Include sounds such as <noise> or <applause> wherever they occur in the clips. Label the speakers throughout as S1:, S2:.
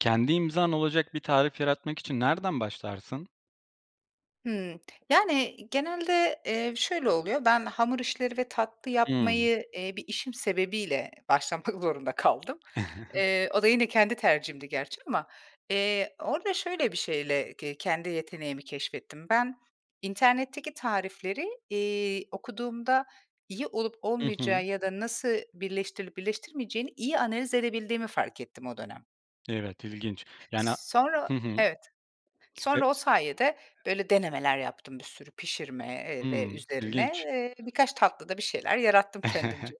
S1: Kendi imzan olacak bir tarif yaratmak için nereden başlarsın?
S2: Hıı. Yani, genelde, eee, şöyle oluyor. Ben hamur işleri ve tatlı
S1: Hıı.
S2: yapmayı, eee, bir işim sebebiyle başlamak zorunda kaldım.
S1: <chuckles>
S2: Eee, o da yine kendi tercihimdi gerçi ama, eee, orada şöyle bir şeyle ke kendi yeteneğimi keşfettim. Ben internetteki tarifleri, iii, okuduğumda iyi olup
S1: Hı hı.
S2: olmayacağı ya da nasıl birleştirilip birleştirilmeyeceğini iyi analiz edebildiğimi fark ettim o dönem.
S1: Evet, ilginç, yani, a
S2: S sonra o,
S1: Hı hı.
S2: evet,
S1: E
S2: sonra o sayede böyle denemeler yaptım bir sürü pişirme, eee, ve
S1: Hıı.
S2: üzerine.
S1: İlginç.
S2: Eee, birkaç tatlıda bir şeyler yarattım kendimce.
S1: <chuckles>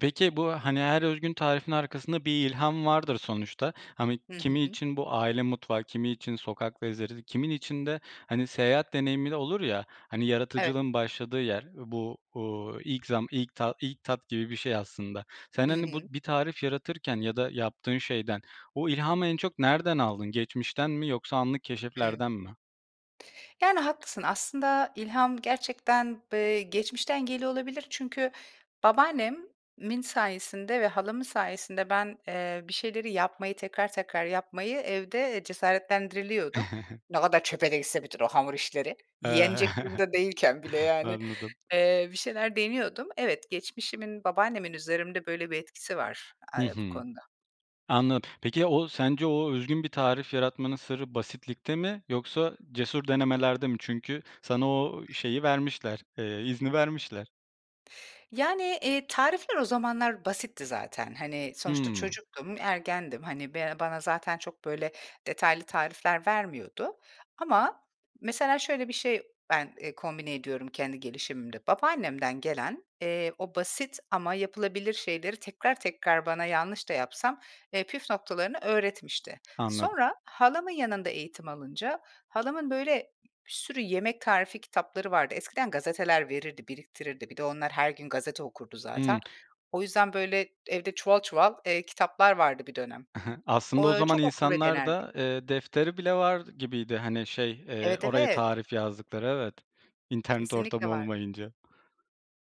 S1: Peki bu, hani, her özgün tarifin arkasında bir ilham vardır sonuçta. Hani,
S2: Hı
S1: kimi
S2: hı.
S1: için bu aile mutfağı, kimi için sokak lezzetleri kimin için de, hani, seyahat deneyimi de olur, ya, hani,
S2: Evet.
S1: yaratıcılığın başladığı yer bu, uuu, ilk zam ilk ta ilk tat gibi bir şey aslında. Sen,
S2: Hı
S1: hani, bu
S2: hı.
S1: bir tarif yaratırken ya da yaptığın şeyden o ilhamı en çok nereden aldın? Geçmişten mi yoksa anlık
S2: Hıı.
S1: keşiflerden mi?
S2: Yani, haklısın, aslında ilham gerçekten b eee geçmişten geliyor olabilir. Çünkü babaannemin sayesinde ve halamın sayesinde ben, eee, bir şeyleri yapmayı, tekrar tekrar yapmayı evde cesaretlendiriliyordum.
S1: <chuckles>
S2: Ne kadar çöpe de gitse bütün o hamur işleri.
S1: Iıı
S2: Yenecek
S1: <chuckles>
S2: durumda değilken bile yani,
S1: anladım.
S2: eee bir şeyler deniyordum. Evet, geçmişimin, babaannemin üzerimde böyle bir etkisi var,
S1: Hı
S2: eee, bu
S1: hı.
S2: konuda.
S1: Anlad Peki, ya o, sence o özgün bir tarif yaratmanın sırrı basitlikte mi yoksa cesur denemelerde mi? Çünkü sana o, eee, şeyi vermişler, eee, izni vermişler.
S2: Yani, eee, tarifler o zamanlar basitti zaten, hani, sonuçta
S1: Hımm.
S2: çocuktum, ergendim, hani, ben bana zaten çok, böyle, detaylı tarifler vermiyordu ama mesela şöyle bir şey ben, eee, kombine ediyorum kendi gelişimimde. Babaannemden gelen, eee, o basit ama yapılabilir şeyleri tekrar tekrar bana yanlış da yapsam, eee, püf noktalarını öğretmişti.
S1: Anladım.
S2: Sonra halamın yanında eğitim alınca, halamın, böyle, bir sürü yemek tarifi kitapları vardı. Eskiden gazeteler verirdi, biriktirirdi, bir de onlar her gün gazete okurdu
S1: Hımm.
S2: zaten. O yüzden, böyle, evde çuval çuval, eee, kitaplar vardı bir dönem.
S1: I hı, aslında
S2: Ooo,
S1: o
S2: ö
S1: zaman
S2: çok okur ve denerdik.
S1: insanlarda, eee, defteri bile var gibiydi, hani, şey, eee,
S2: Evet,
S1: oraya
S2: evet.
S1: tarif yazdıkları. Evet. İnternet ortamı
S2: Kesinlikle vardır.
S1: olmayınca.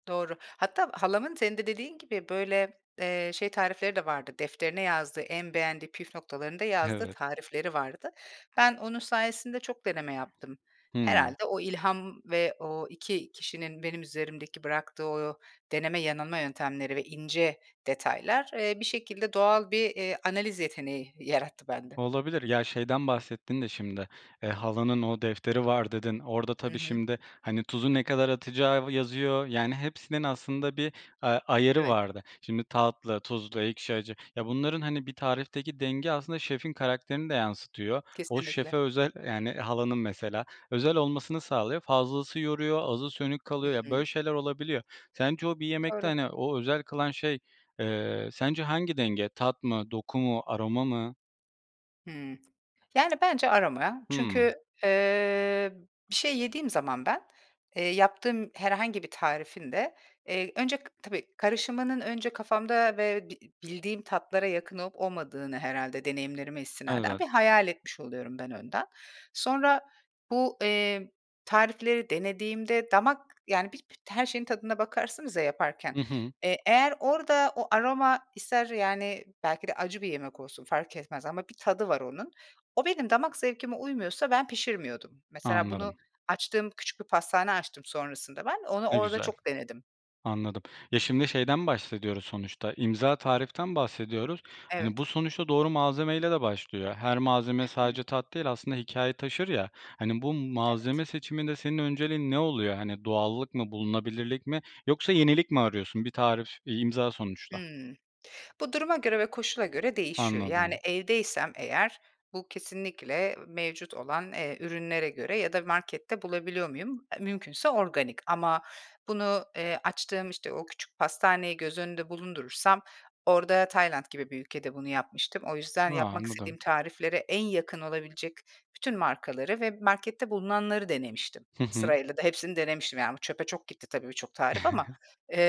S2: Doğru. Hatta halamın, senin de dediğin gibi, böyle, eee, şey tarifleri de vardı, defterine yazdığı, en beğendiği püf noktalarını da yazdığı
S1: Evet.
S2: tarifleri vardı. Ben onun sayesinde çok deneme yaptım.
S1: Hımm.
S2: Herhâlde o ilham ve o 2 kişinin benim üzerimdeki bıraktığı o deneme, yanılma yöntemleri ve ince detaylar, eee, bir şekilde doğal bir, eee, analiz yeteneği yarattı bende.
S1: Olabilir. Ya, şeyden bahsettin de şimdi, eee, halanın o, "Defteri var." dedin. Orada
S2: Hı
S1: tabii
S2: hı.
S1: şimdi, hani, tuzu ne kadar atacağı yazıyor, yani, hepsinin aslında bir a ayarı
S2: Evet.
S1: vardı. Şimdi tatlı, tuzlu, ekşi, acı, ya, bunların, hani, bir tarifteki denge aslında şefin karakterini de yansıtıyor. O
S2: Kesinlikle.
S1: şefe özel Yani, halanın mesela özel olmasını sağlıyor, fazlası yoruyor, azı sönük
S2: Hı
S1: kalıyor, ya,
S2: hı.
S1: böyle şeyler olabiliyor. Sence o bir yemekte,
S2: Doğru.
S1: hani, o özel kılan şey, eee, sence hangi denge, tat mı, doku mu, aroma mı?
S2: Hımm. Yani, bence aroma ya.
S1: Hıı.
S2: Çünkü, ııı, bir şey yediğim zaman ben, ııı, yaptığım herhangi bir tarifin de, ııı, önce k tabii, karışımının önce kafamda ve bi bildiğim tatlara yakın olup olmadığını herhâlde deneyimlerime istinaden
S1: Evet.
S2: bir hayal etmiş oluyorum ben önden. Sonra bu, eee, tarifleri denediğimde damak, yani, bit bit her şeyin tadına bakarsınız ya yaparken,
S1: Hı hı.
S2: eee, eğer orada o aroma ister, yani, belki de acı bir yemek olsun fark etmez ama bir tadı var onun. O benim damak zevkime uymuyorsa ben pişirmiyordum. Mesela bunu
S1: Anladım.
S2: açtığım küçük bir pastane açtım sonrasında ben. Onu
S1: Ne
S2: orada
S1: güzel.
S2: çok denedim.
S1: Anladım. Ya, şimdi şeyden bahsediyoruz sonuçta, imza tariften bahsediyoruz. Hani, bu
S2: Evet.
S1: sonuçta doğru malzemeyle de başlıyor. Her malzeme
S2: Hı hı.
S1: sadece tat değil, aslında hikâye taşır, ya, hani, bu
S2: Evet.
S1: malzeme seçiminde senin önceliğin ne oluyor? Hani, doğallık mı, bulunabilirlik mi yoksa yenilik mi arıyorsun? Bir tarif, bir imza sonuçta.
S2: Hımm. Bu, duruma göre ve koşula göre değişiyor. Yani,
S1: Anladım.
S2: evdeysem eğer bu kesinlikle mevcut olan, eee, ürünlere göre ya da markette bulabiliyor muyum? E, mümkünse organik. Ama bunu, ııı, açtığım, işte, o küçük pastaneyi göz önünde bulundurursam orada Tayland gibi bir ülkede bunu yapmıştım. O yüzden
S1: Ha,
S2: yapmak
S1: anladım.
S2: istediğim tariflere en yakın olabilecek bütün markaları ve markette bulunanları denemiştim.
S1: Hı hı.
S2: Sırayla da hepsini denemiştim, yani, bu çöpe çok gitti tabii birçok tarif ama.
S1: <chuckles>
S2: Iıı,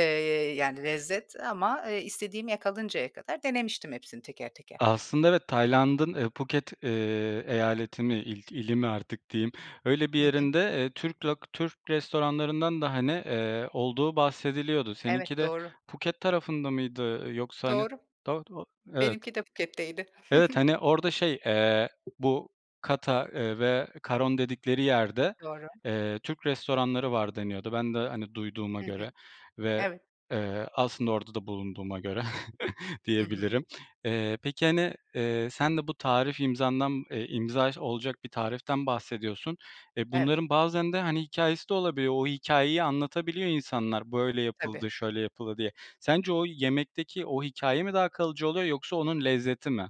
S2: yani, lezzet ama istediğimi yakalayıncaya kadar denemiştim hepsini teker, teker.
S1: Aslında evet, Tayland'ın, ııı, Phuket, ııı, eyaleti mi, il ili mi artık diyeyim, öyle bir
S2: Hı hı.
S1: yerinde, ııı, Türk lok Türk restoranlarından da, hani, ııı, olduğu bahsediliyordu. Seninki
S2: Evet,
S1: de
S2: doğru.
S1: Phuket tarafında mıydı? Yoksa, hani,
S2: Doğru.
S1: do do Evet.
S2: Benimki de Phuket'teydi.
S1: Evet.
S2: <chuckles>
S1: Hani, orada şey, eee, bu Kata, ııı, ve Karon dedikleri yerde,
S2: Doğru.
S1: eee, Türk restoranları var deniyordu. Ben de, hani, duyduğuma
S2: Hı hı.
S1: göre ve,
S2: Evet.
S1: eee, aslında orada da bulunduğuma göre <chuckles>
S2: Hı hı.
S1: diyebilirim. Eee, peki, hani, eee, sen de bu tarif imzandan, ııı, imza olacak bir tariften bahsediyorsun. E,
S2: Evet.
S1: bunların bazen de, hani, hikâyesi de olabiliyor, o hikâyeyi anlatabiliyor insanlar, böyle
S2: Tabii.
S1: yapıldı, şöyle yapıldı diye. Sence o yemekteki o hikâye mi daha kalıcı oluyor yoksa onun lezzeti mi?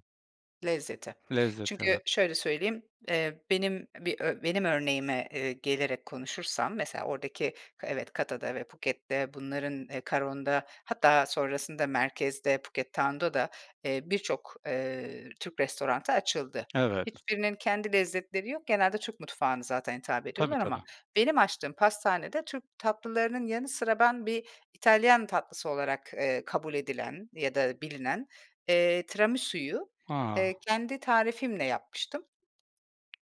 S2: Lezzeti.
S1: Lezzet, evet.
S2: Çünkü şöyle söyleyeyim, ııı, benim bir ö benim örneğime, ııı, gelerek konuşursam mesela oradaki evet, Kata´da ve Phuket´te bunların Karon´da hatta sonrasında merkezde, Phuket Town´da da, eee, birçok, ııı, Türk restoranı açıldı.
S1: Evet.
S2: Hiçbirinin kendi lezzetleri yok. Genelde Türk mutfağına zaten hitap
S1: Tabii,
S2: ediyorlar ama
S1: tabii.
S2: benim açtığım pastanede Türk tatlılarının yanı sıra ben bir İtalyan tatlısı olarak, ııı, kabul edilen ya da bilinen, eee, Tiramisuyu, ııı,
S1: A.
S2: kendi tarifimle yapmıştım.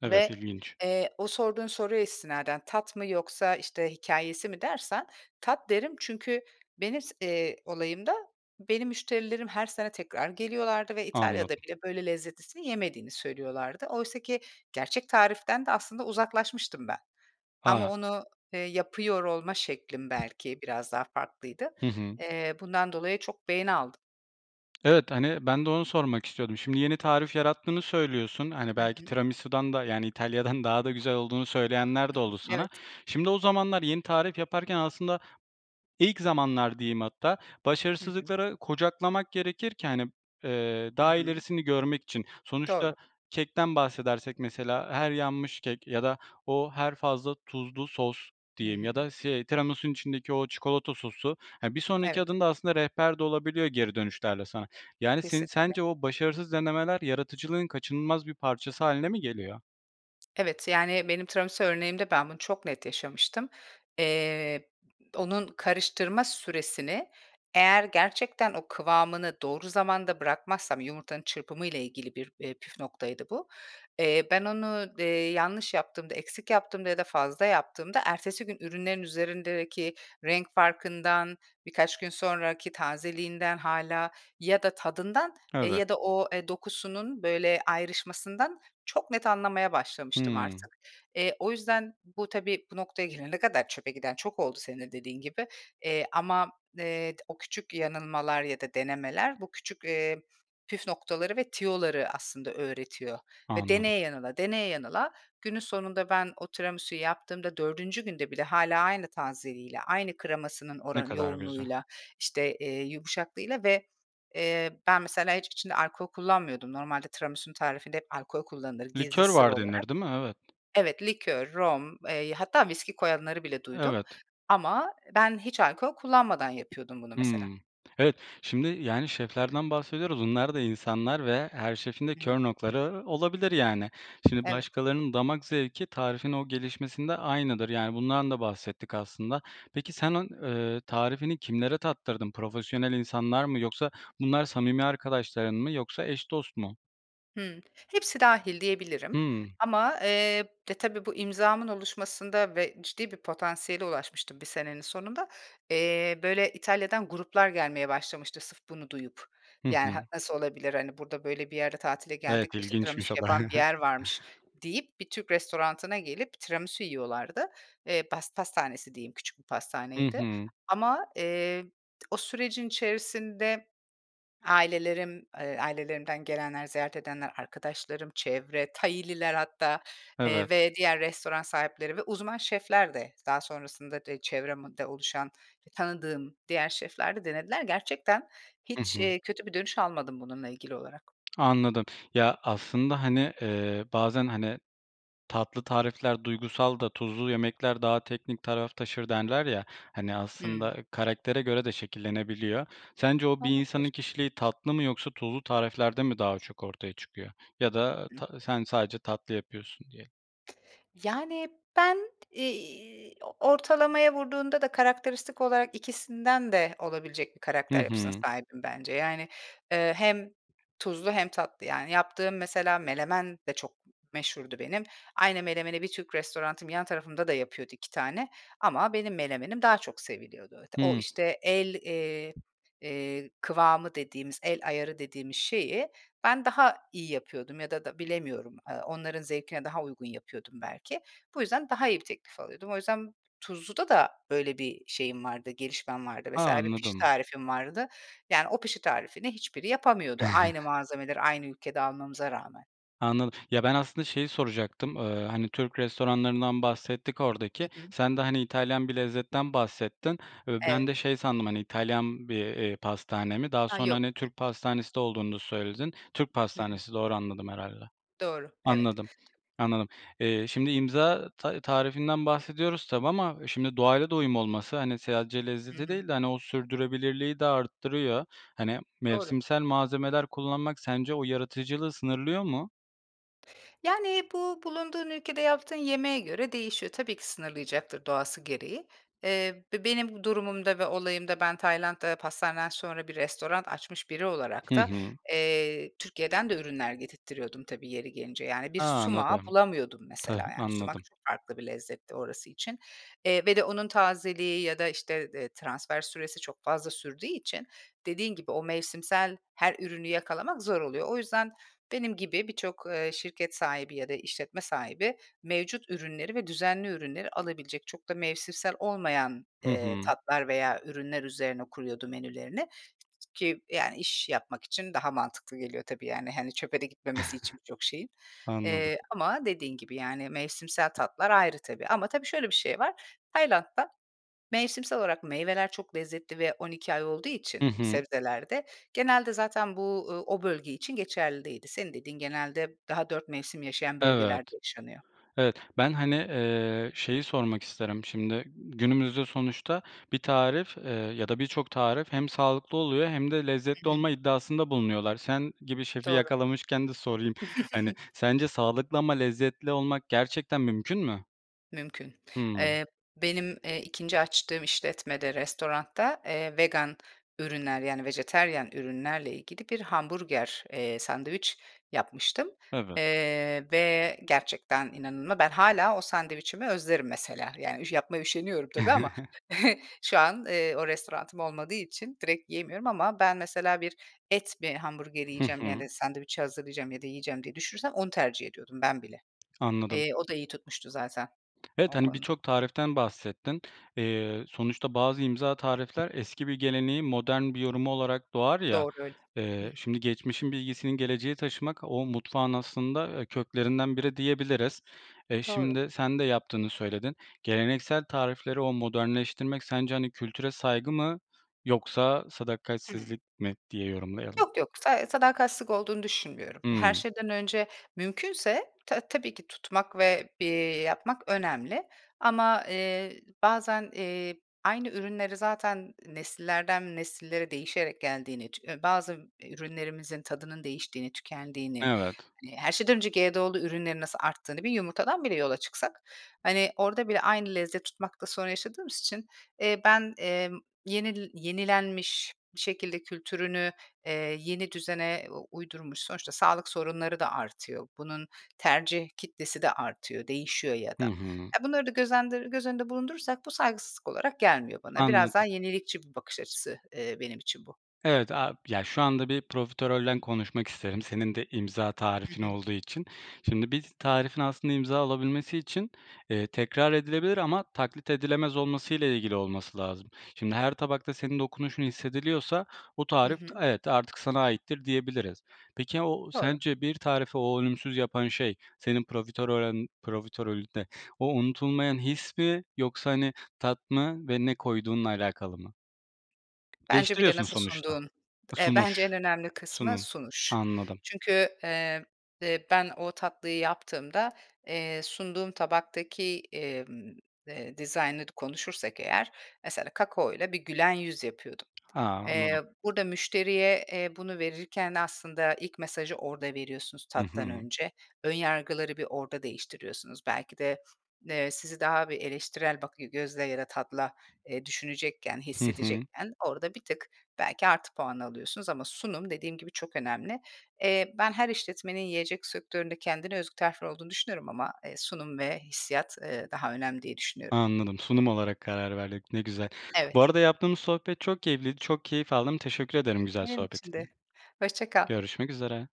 S1: Evet,
S2: Ve,
S1: ilginç.
S2: eee, o sorduğun soruya istinaden tat mı yoksa işte hikâyesi mi dersen tat derim. Çünkü benim s eee, olayımda, benim müşterilerim her sene tekrar geliyorlardı ve İtalya'da
S1: Anladım.
S2: bile böyle lezzetlisini yemediğini söylüyorlardı. Oysa ki gerçek tariften de aslında uzaklaşmıştım ben. Ama
S1: A.
S2: onu, ııı, yapıyor olma şeklim belki biraz daha farklıydı.
S1: Hı hı.
S2: Iıı, bundan dolayı çok beğeni aldım.
S1: Evet, hani, ben de onu sormak istiyordum. Şimdi yeni tarif yarattığını söylüyorsun, hani,
S2: Hı
S1: belki
S2: hı.
S1: tiramisudan da, yani, İtalya'dan daha da güzel olduğunu
S2: Hı
S1: söyleyenler de
S2: hı.
S1: oldu sana.
S2: Evet.
S1: Şimdi o zamanlar yeni tarif yaparken aslında -ilk zamanlar diyeyim hatta
S2: Hı hı.
S1: başarısızlıkları kucaklamak gerekir ki, hani, eee,
S2: Hı
S1: daha
S2: hı.
S1: ilerisini görmek için. Sonuçta
S2: Doğru.
S1: kekten bahsedersek mesela her yanmış kek ya da o, her fazla tuzlu sos
S2: Hı
S1: diyeyim ya
S2: hı.
S1: da si tiramisunun içindeki o çikolata sosu, hani, bir sonraki
S2: Evet.
S1: adımda aslında rehber de olabiliyor geri dönüşlerle sana. Yani, senin
S2: Kesinlikle.
S1: sence o başarısız denemeler yaratıcılığın kaçınılmaz bir parçası hâline mi geliyor?
S2: Evet, yani, benim tiramisu örneğimde ben, bunu çok net yaşamıştım. Eee, onun karıştırma süresini eğer gerçekten o kıvamını doğru zamanda bırakmazsam yumurtanın çırpımı ile ilgili bir, iii, püf noktaydı bu, eee, ben onu, eee, yanlış yaptığımda, eksik yaptığımda ya da fazla yaptığımda ertesi gün ürünlerin üzerindeki renk farkından, birkaç gün sonraki tazeliğinden hâlâ ya da tadından, eee,
S1: Evet.
S2: ya da o, eee, dokusunun böyle ayrışmasından çok net anlamaya başlamıştım
S1: Hıı.
S2: artık. Eee, o yüzden bu tabii bu noktaya gelene kadar çöpe giden çok oldu senin de dediğin gibi. Eee, ama, eee, t o küçük yanılmalar ya da denemeler bu küçük, eee, püf noktaları ve tüyoları aslında öğretiyor. Ve
S1: Anladım.
S2: deneye yanıla, deneye yanıla günün sonunda ben, o tiramisuyu yaptığımda 4'üncü günde bile hâlâ aynı tazeliğiyle, aynı kremasının
S1: Ne
S2: oranı
S1: kadar güzel.
S2: yoğunluğuyla, işte, eee, yumuşaklığıyla ve, eee, ben, mesela hiç içinde alkol kullanmıyordum. Normalde tiramisunun tarifinde hep alkol kullanılır gizli
S1: Likör
S2: sır
S1: var
S2: olarak.
S1: denir, değil mi? Evet.
S2: Evet, likör, rom, eee, hatta viski koyanları bile duydum.
S1: Evet.
S2: Ama ben hiç alkol kullanmadan yapıyordum bunu mesela.
S1: Hıı. Evet. Şimdi, yani, şeflerden bahsediyoruz, onlar da insanlar ve her şefin de kör
S2: Hıı.
S1: noktaları olabilir yani. Şimdi
S2: Evet.
S1: başkalarının damak zevki tarifin o gelişmesinde aynıdır, yani, bundan da bahsettik aslında. Peki, senin eee, tarifini kimlere tattırdın? Profesyonel insanlar mı yoksa bunlar samimi arkadaşların mı yoksa eş dost mu?
S2: Hıı. Hepsi dâhil diyebilirim.
S1: Hıı.
S2: Ama, eee, ya, tabii bu imzamın oluşmasında ve ciddi bir potansiyele ulaşmıştım bir senenin sonunda. Eee, böyle İtalya'dan gruplar gelmeye başlamıştı, sırf bunu duyup.
S1: Hı
S2: Yani, ha
S1: hı.
S2: nasıl olabilir, hani, burada böyle bir yerde tatile geldik,
S1: Evet,
S2: işte, tiramisu
S1: ilginçmiş o da.
S2: yapan bir
S1: <chuckles>
S2: yer varmış deyip bir Türk restoranına gelip tiramisu yiyorlardı. Eee, pas pastanesi diyeyim, küçük bir
S1: Hı
S2: pastaneydi.
S1: hı.
S2: Ama, eee, o sürecin içerisinde ailelerim, eee, ailelerimden gelenler, ziyaret edenler, arkadaşlarım, çevre, Thai'liler hatta, eee,
S1: Evet.
S2: ve diğer restoran sahipleri ve uzman şefler de daha sonrasında de çevremde oluşan, tanıdığım diğer şefler de denediler. Gerçekten
S1: Hı
S2: hiç,
S1: hı.
S2: eee, kötü bir dönüş almadım bununla ilgili olarak.
S1: Anladım. Ya, aslında, hani, eee, bazen, hani, tatlı tarifler duygusal da tuzlu yemekler daha teknik taraf taşır derler ya, hani,
S2: Hıı.
S1: aslında karaktere göre de şekillenebiliyor. Sence o, bir insanın
S2: Olabilir.
S1: kişiliği tatlı mı yoksa tuzlu tariflerde mi daha çok ortaya çıkıyor ya da,
S2: <unintelligible>
S1: ta sen, sadece tatlı yapıyorsun diye
S2: Yani, ben, iii, ortalamaya vurduğunda da karakteristik olarak ikisinden de olabilecek bir
S1: Hı
S2: karakter yapısına
S1: hı.
S2: sahibim bence. Yani, eee, hem tuzlu hem tatlı yani. Yaptığım mesela menemen de çok meşhurdu benim. Aynı menemeni bir Türk restoranım yan tarafımda da yapıyordu 2 tane ama benim menemenim daha çok seviliyordu. O,
S1: Hıı.
S2: işte, el, eee, eee, kıvamı dediğimiz, el ayarı dediğimiz şeyi ben, daha iyi yapıyordum ya da da bilemiyorum, eee, onların zevkine daha uygun yapıyordum belki. Bu yüzden daha iyi bir teklif alıyordum. O yüzden tuzluda da böyle bir şeyim vardı, gelişmem vardı.
S1: A!
S2: Mesela bir pişi
S1: Anladım.
S2: tarifim vardı. Yani, o pişi tarifini hiçbiri yapamıyordu aynı
S1: <chuckles>
S2: malzemeleri aynı ülkede almamıza rağmen.
S1: Anladım. Ya, ben, aslında şeyi soracaktım, eee, hani, Türk restoranlarından bahsettik
S2: Hı
S1: oradaki.
S2: hı.
S1: Sen de, hani, İtalyan bir lezzetten bahsettin ve ben
S2: Evet.
S1: de şey sandım, hani, İtalyan bir, eee, pastane mi, daha
S2: Ha,
S1: sonra,
S2: yok.
S1: hani, Türk pastanesi de olduğunu da söyledin. Türk
S2: Hı hı.
S1: pastanesi doğru anladım herhâlde.
S2: Doğru. Evet.
S1: Anladım, anladım. Eee, şimdi imza ta tarifinden bahsediyoruz tabii ama şimdi doğayla da uyum olması, hani, sadece
S2: Hı
S1: lezzeti değil
S2: hı.
S1: de, hani, o sürdürebilirliği de arttırıyor. Hani,
S2: Doğru.
S1: mevsimsel malzemeler kullanmak sence o yaratıcılığı sınırlıyor mu?
S2: Yani, bu bulunduğun ülkede yaptığın yemeğe göre değişiyor. Tabii ki, sınırlayacaktır doğası gereği. Eee, be benim bu durumumda ve olayımda ben Tayland'da pastaneden sonra bir restoran açmış biri olarak
S1: Hı
S2: da,
S1: hı.
S2: eee, Türkiye'den de ürünler getirttiriyordum, tabii yeri gelince. Yani bir
S1: A,
S2: sumağı
S1: anladım.
S2: bulamıyordum mesela,
S1: Tah
S2: yani, sumak
S1: anladım.
S2: çok farklı bir lezzetti orası için. Eee, ve de onun tazeliği ya da, eee, işte, transfer süresi çok fazla sürdüğü için dediğin gibi o mevsimsel her ürünü yakalamak zor oluyor. O yüzden benim gibi birçok, eee, şirket sahibi ya da işletme sahibi, mevcut ürünleri ve düzenli ürünleri alabilecek, çok da mevsimsel olmayan,
S1: Hı
S2: eee,
S1: hı.
S2: tatlar veya ürünler üzerine kuruyordu menülerini ki, yani, iş yapmak için daha mantıklı geliyor tabii, yani, hani, çöpe de gitmemesi birçok şeyin.
S1: <chuckles> Anladım.
S2: Eee, ama dediğin gibi, yani, mevsimsel tatlar ayrı tabii. Ama tabii şöyle bir şey var: Tayland'da mevsimsel olarak meyveler çok lezzetli ve 12 ay olduğu için
S1: Hı hı.
S2: sebzeler de genelde zaten bu, ııı, o bölge için geçerli değildi. Senin dediğin genelde daha 4 mevsim yaşayan
S1: Evet,
S2: bölgelerde yaşanıyor.
S1: evet ben, hani, eee, şeyi sormak isterim şimdi, günümüzde sonuçta bir tarif, eee, ya da birçok tarif hem sağlıklı oluyor hem de
S2: Hı
S1: lezzetli
S2: hı.
S1: olma iddiasında bulunuyorlar. Sen gibi şefi
S2: Doğru.
S1: yakalamışken de sorayım, hani,
S2: <chuckles>
S1: sence sağlıklı ama lezzetli olmak gerçekten mümkün mü?
S2: Mümkün.
S1: Hımm.
S2: Eee, benim, eee, 2'nci açtığım işletmede, restoranda, eee, vegan ürünler, yani, vejetaryen ürünlerle ilgili bir hamburger, eee, sandviç yapmıştım.
S1: Evet.
S2: Eee, ve gerçekten inanıma ben hâlâ sandviçimi özlerim mesela. Yani, ya yapmaya üşeniyorum tabii ama
S1: <chuckles>
S2: <chuckles> şu an, eee, o restoranım olmadığı için direkt yiyemiyorum ama ben mesela bir et mi hamburgeri
S1: Hı
S2: yiyeceğim,
S1: hı.
S2: yani, sandviçi hazırlayacağım ya da yiyeceğim diye düşünürsem onu tercih ediyordum ben bile.
S1: Anladım.
S2: Eee, o da iyi tutmuştu zaten
S1: Evet,
S2: o
S1: hani,
S2: konuda.
S1: birçok tariften bahsettin. Eee, sonuçta bazı imza tarifler eski bir geleneğin modern bir yorumu olarak doğar ya,
S2: Doğru öyle. Hıh.
S1: eee, şimdi geçmişin bilgisinin geleceğe taşımak o mutfağın aslında, eee, köklerinden biri diyebiliriz. Eee,
S2: Doğru.
S1: şimdi sen de yaptığını söyledin, geleneksel tarifleri o modernleştirmek sence, hani, kültüre saygı mı yoksa
S2: Hıı.
S1: sadakatsizlik mi diye yorumlayalım?
S2: Yok yok, sa sadakatsizlik olduğunu düşünmüyorum. E, her
S1: Hımm.
S2: şeyden önce mümkünse ta tabii ki tutmak ve, eee, yapmak önemli. Ama, eee, bazen, eee, aynı ürünleri zaten, nesillerden nesillere değişerek geldiğini, ç ııı, bazı ürünlerimizin tadının değiştiğini, tükendiğini,
S1: Evet.
S2: hani, her şeyden önce GDO'lu ürünlerin nasıl arttığını bir yumurtadan bile yola çıksak, hani, orada bile aynı lezzet tutmakta sorun yaşadığımız için, eee, ben, emm, yenil yenilenmiş bir şekilde kültürünü, eee, yeni düzene u uydurmuş, sonuçta sağlık sorunları da artıyor, bunun tercih kitlesi de artıyor, değişiyor ya
S1: Hı
S2: da.
S1: hı.
S2: Ya, bunları da göz endır göz önünde bulundurursak bu saygısızlık olarak gelmiyor bana. Biraz daha
S1: Anladım.
S2: yenilikçi bir bakış açısı, eee, benim için bu.
S1: Evet, aaa, ya, şu anda bir profiterolden konuşmak isterim senin de imza
S2: Hı
S1: tarifin
S2: hı.
S1: olduğu için. Şimdi bir tarifin aslında imza alabilmesi için, eee, tekrar edilebilir ama taklit edilemez olmasıyla ilgili olması lazım. Şimdi her tabakta senin dokunuşun hissediliyorsa o
S2: Hı
S1: tarif, t
S2: hı.
S1: evet artık sana aittir diyebiliriz. Peki, aaa, o
S2: Doğru.
S1: sence bir tarifi o ölümsüz yapan şey senin profiterorün profiterolünde o unutulmayan his mi yoksa, hani, tat mı ve ne koyduğunla alakalı mı?
S2: Bence bir de
S1: Değiştiriyorsun
S2: nasıl
S1: sonuçta.
S2: sunduğun,
S1: E,
S2: eee, bence en
S1: sunuş,
S2: önemli kısmı
S1: sunum...
S2: sunuş.
S1: Anladım.
S2: Çünkü, emm, eee, ben o tatlıyı yaptığımda, eee, sunduğum tabaktaki, emm, eee, dizaynını konuşursak eğer, mesela kakaoyla bir gülen yüz yapıyordum.
S1: Ha,
S2: Eee,
S1: anladım.
S2: burada müşteriye, eee, bunu verirken aslında ilk mesajı orada veriyorsunuz
S1: Hı
S2: tattan
S1: hı.
S2: önce. Ön yargıları bir orada değiştiriyorsunuz. Belki de, eee, sizi daha bir eleştirel bakıy gözle ya da tatla düşünecekken,
S1: Hı hı.
S2: hissedecekken orada bir tık belki artı puan alıyorsunuz ama sunum dediğim gibi çok önemli. Eee, ben her işletmenin yiyecek sektöründe kendine özgü tarfileri olduğunu düşünüyorum ama, eee, sunum ve hissiyat, eee, daha önemli diye düşünüyorum.
S1: Anladım, sunum olarak karar verdik. Ne güzel. Bu
S2: Evet.
S1: arada yaptığımız sohbet çok keyifliydi, çok keyif aldım, teşekkür ederim güzel
S2: Benim için de,
S1: sohbetine.
S2: hoşça kal.
S1: Görüşmek üzere.